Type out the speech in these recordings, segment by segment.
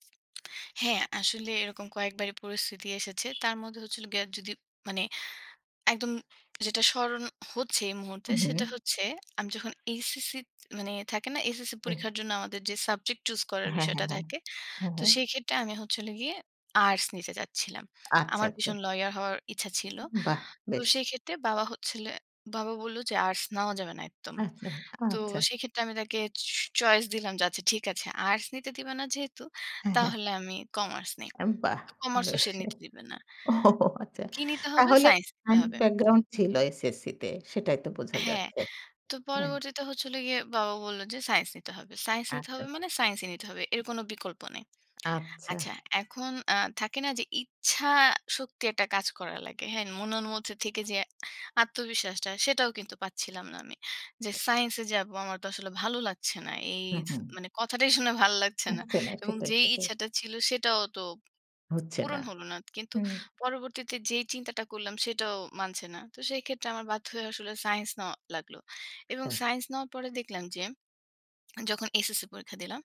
হ্যাঁ, আসলে এরকম কয়েকবারই পরিস্থিতি এসেছে। তার মধ্যে হচ্ছে হল গিয়ে যদি মানে একদম যেটা স্মরণ হচ্ছে এই মুহূর্তে। হু, সেটা হু। হচ্ছে, আমি যখন এসএসসি মানে থাকে না, এসএসসি হুম। পরীক্ষার জন্য আমাদের যে সাবজেক্ট চুস করার হ্যাঁ, বিষয়টা হ্যাঁ, হ্যাঁ। থাকে। হ্যাঁ, তো হ্যাঁ। সেই ক্ষেত্রে আমি হচ্ছে হল গিয়ে আর্টস নিতে চাচ্ছিলাম। আচ্ছা, আমার আচ্ছা। ভীষণ লইয়ার হওয়ার ইচ্ছা ছিল। বাহ! তো বেশ। সেই ক্ষেত্রে বাবা হচ্ছিল, বাবা বলল যে, "আর্টস নেওয়া যাবে না একদম।" আচ্ছা, তো আচ্ছা। সেক্ষেত্রে আমি তাকে চ চয়েস দিলাম যে, "আচ্ছা ঠিক আছে। আর্টস নিতে দিবে না যেহেতু। হ্যাঁ, হ্যাঁ। তাহলে আমি কমার্স নেই?" আরে বাহ! কমার্সও বেশ। সে নিতে দিবে না। ওহহো! আচ্ছা। কি নিতে হবে? তাহলে সাইন্স নিতে সাইন্স হবে। ব্যাকগ্রাউন্ড ছিল এসএসসিতে, সেটাই তো বোঝা হ্যাঁ। যাচ্ছে। তো হ্যাঁ। পরবর্তীতে হচ্ছে হল গিয়ে, বাবা বলল যে, "সাইন্স নিতে হবে। সায়েন্স নিতে হবে আচ্ছা। মানে, সাইন্সই নিতে হবে। এর কোনো বিকল্প নেই।" আচ্ছা। আচ্ছা। এখন আ থাকে না যে ইচ্ছা শক্তি একটা কাজ করা লাগে। হ্যাঁ? মনের মধ্যে থেকে যে আত্মবিশ্বাসটা সেটাও কিন্তু পাচ্ছিলাম না আমি। যে সাইন্স এ যাবো আমার তো আসলে ভালো লাগছে না। এই হু, থ হুম। মানে কথাটাই শুনে ভালো লাগছে না। আচ্ছা, না। এবং সেটাই, যেই সেটাই। ইচ্ছাটা ছিল, সেটাও তো হচ্ছে না। পূরণ হল না। কিন্তু হুম। পরবর্তীতে যেই চিন্তাটা করলাম সেটাও মানছে না। তো সেক্ষেত্রে আমার বাধ্য হয়ে আসলে সাইন্স নেওয়া লাগলো। এবং আচ্ছা। সাইন্স নেওয়ার পরে দেখলাম যে যখন এসএসসি পরীক্ষা দিলাম,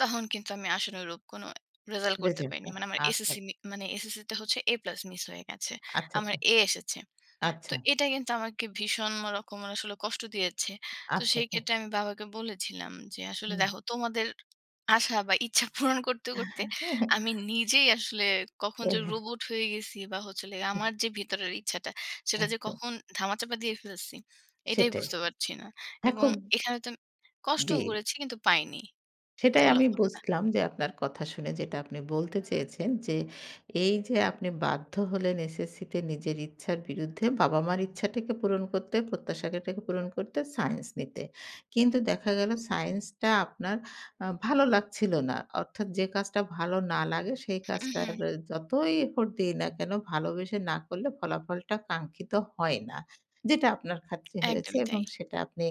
তখন কিন্তু আমি আশানুরূপ কোনো রেজাল্ট করতে [unintelligible] পারিনি। মানে আমার ।আচ্ছা। এসএসসি মানে এসএসসিতে হচ্ছে এ প্লাস মিস হয়ে গেছে। আচ্ছা, আমার আচ্ছা। এ এসেছে। তো আচ্ছা। এটা কিন্তু আমাকে ভীষণ রকমের আসলে কষ্ট দিয়েছে। তো আচ্ছা, সেই আচ্ছা। ক্ষেত্রে আমি বাবাকে বলেছিলাম যে, "আসলে হুম। দেখো। তোমাদের আশা বা ইচ্ছা পূরণ করতে, করতে আমি নিজেই আসলে কখন এ যে হ্যাঁ। রোবট হয়ে গেছি বা হচ্ছে হল গিয়ে হু। আমার যে ভিতরের ইচ্ছাটা। সেটা যে আচ্ছা। কখন ধামাচাপা দিয়ে ফেলছি। এটাই সেটাই। বুঝতে পারছি না। হ্যাঁ এবং খুব এখানে তো জি। কষ্টও করেছি কিন্তু পাইনি। সেটাই আমি ফলাফলটা।" বুঝলাম। যে, আপনার কথা শুনে যেটা আপনি বলতে চেয়েছেন যে, এইযে আপনি বাধ্য হলেন এসএসসিতে নিজের ইচ্ছার বিরুদ্ধে বাবা-মার ইচ্ছাটাকে পূরণ করতে, প্রত্যাশাটাকে পূরণ করতে। সায়েন্স নিতে। কিন্তু দেখা গেল সায়েন্সটা আপনার আ ভালো লাগছিল না। অর্থাৎ যে কাজটা ভালো না লাগে, সেই উ কাজটা হু। যতই এফোর্ট দেই না কেনো ভালোবেসে না করলে ফলাফলটা কাঙ্ক্ষিত হয় না। যেটা আপনার খাতিরে হয়েছে একদমই এবং তাই। সেটা আপনি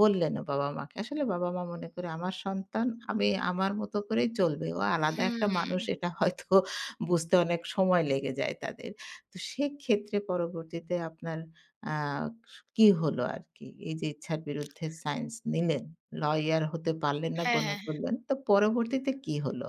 বললেনও বাবা-মাকে। আসলে বাবা-মা মনে করে, আমার সন্তান আমি আমার মত করেই চলবে। ও আলাদা একটা মানুষ হুম। এটা হয়তো বুঝতে অনেক সময় লেগে যায় তাদের। তো সেক্ষেত্রে পরবর্তীতে আপনার অ্যা স কি হলো আরকি? এইযে ইচ্ছার বিরুদ্ধে সাইন্স নিলেন, লইয়ার হতে পারলেন না হ্যাঁ, মনে হ্যাঁ, হ্যাঁ। করলেন। তো পরবর্তীতে কি হলো?